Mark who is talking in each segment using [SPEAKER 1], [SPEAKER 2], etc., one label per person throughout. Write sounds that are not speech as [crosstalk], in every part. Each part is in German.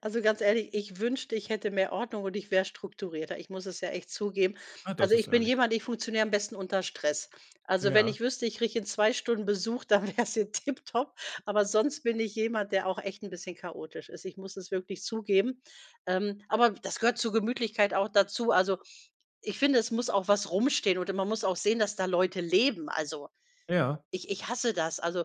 [SPEAKER 1] Also, ganz ehrlich, ich wünschte, ich hätte mehr Ordnung und ich wäre strukturierter, ich muss es ja echt zugeben.
[SPEAKER 2] Ah, das
[SPEAKER 1] Also,
[SPEAKER 2] ist
[SPEAKER 1] ich bin
[SPEAKER 2] ehrlich.
[SPEAKER 1] jemand, ich funktioniere am besten unter Stress. Also, wenn
[SPEAKER 2] Ja.
[SPEAKER 1] ich wüsste, ich kriege in 2 Stunden Besuch, dann wäre es hier tipptopp, aber sonst bin ich jemand, der auch echt 'n bisschen chaotisch ist, ich muss es wirklich zugeben. Ähm, aber, das gehört zur Gemütlichkeit auch dazu, also, ich finde, es muss auch was rumstehen oder man muss auch sehen, dass da Leute leben also,
[SPEAKER 2] Ja.
[SPEAKER 1] ich ich hasse das, also,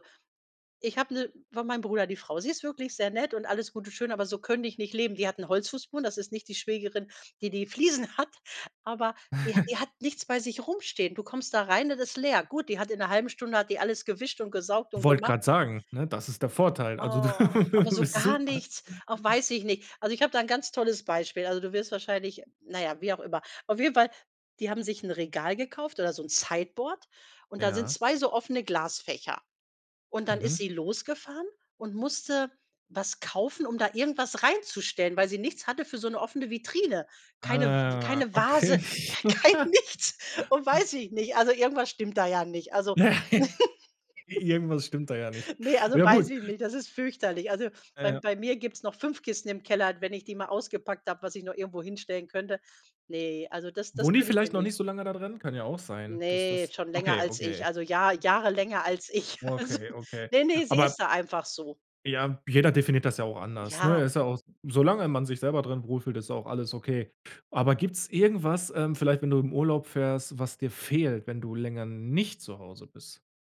[SPEAKER 1] ich habe 'ne von mein Bruder die Frau. Sie ist wirklich sehr nett und alles gut und schön, aber so könnte ich nicht leben. Die hat 'nen Holzfußboden, das ist nicht die Schwägerin, die die Fliesen hat, aber die hat die
[SPEAKER 2] [chuckles]
[SPEAKER 1] hat nichts bei sich rumstehen. Du kommst da rein und es ist leer. Gut, die hat in 'ner halben Stunde hat die alles gewischt und gesaugt und
[SPEAKER 2] Wollte
[SPEAKER 1] gemacht.
[SPEAKER 2] grade sagen, ne, das ist der Vorteil. Also, du
[SPEAKER 1] Oh, aber so
[SPEAKER 2] bist
[SPEAKER 1] gar
[SPEAKER 2] super.
[SPEAKER 1] nichts auch weiß ich nicht. Also, ich hab da ganz tolles Beispiel, also, du wirst wahrscheinlich na ja, wie auch immer. Auf jeden Fall, die haben sich 'n Regal gekauft oder so 'n Sideboard und da sind
[SPEAKER 2] Ja.
[SPEAKER 1] 2 so offene Glasfächer. Und dann ist
[SPEAKER 2] Mhm.
[SPEAKER 1] sie losgefahren und musste was kaufen, um da irgendwas reinzustellen, weil sie nichts hatte für so 'ne offene Vitrine. Keine w
[SPEAKER 2] Ah,
[SPEAKER 1] keine Vase,
[SPEAKER 2] okay.
[SPEAKER 1] gar kein
[SPEAKER 2] [laughs]
[SPEAKER 1] nichts und weiß ich nicht, also, irgendwas stimmt da ja nicht, also
[SPEAKER 2] Ja,
[SPEAKER 1] [chuckles]
[SPEAKER 2] irgendwas stimmt da ja nicht.
[SPEAKER 1] ne, also,
[SPEAKER 2] Ja gut.
[SPEAKER 1] weiß ich nicht. Das ist fürchterlich. Also,
[SPEAKER 2] Ja,
[SPEAKER 1] bei
[SPEAKER 2] ja.
[SPEAKER 1] bei mir gibt's noch 5 Kisten im Keller, wenn ich die mal ausgepackt habe, was ich noch irgendwo hinstellen könnte. Ne, also, das
[SPEAKER 2] Wohnen
[SPEAKER 1] das
[SPEAKER 2] die
[SPEAKER 1] könnte ich mir
[SPEAKER 2] vielleicht noch
[SPEAKER 1] nicht.
[SPEAKER 2] nicht so lange da drin? Kann ja auch sein, dass
[SPEAKER 1] Ne,
[SPEAKER 2] das
[SPEAKER 1] schon länger
[SPEAKER 2] okay,
[SPEAKER 1] als ich.
[SPEAKER 2] okay.
[SPEAKER 1] Also, ja Jahre länger als ich, also
[SPEAKER 2] Okay, okay.
[SPEAKER 1] Ne, ne, sie
[SPEAKER 2] Aber
[SPEAKER 1] ist da einfach so.
[SPEAKER 2] Ja, jeder definiert das ja auch anders, ne?
[SPEAKER 1] Ja.
[SPEAKER 2] Es ist ja auch solange man sich selber drin wohlfühlt, ist auch alles okay. Aber gibt's irgendwas, vielleicht, ähm, wenn du im Urlaub fährst, was dir fehlt, wenn du länger nicht zu Hause bist?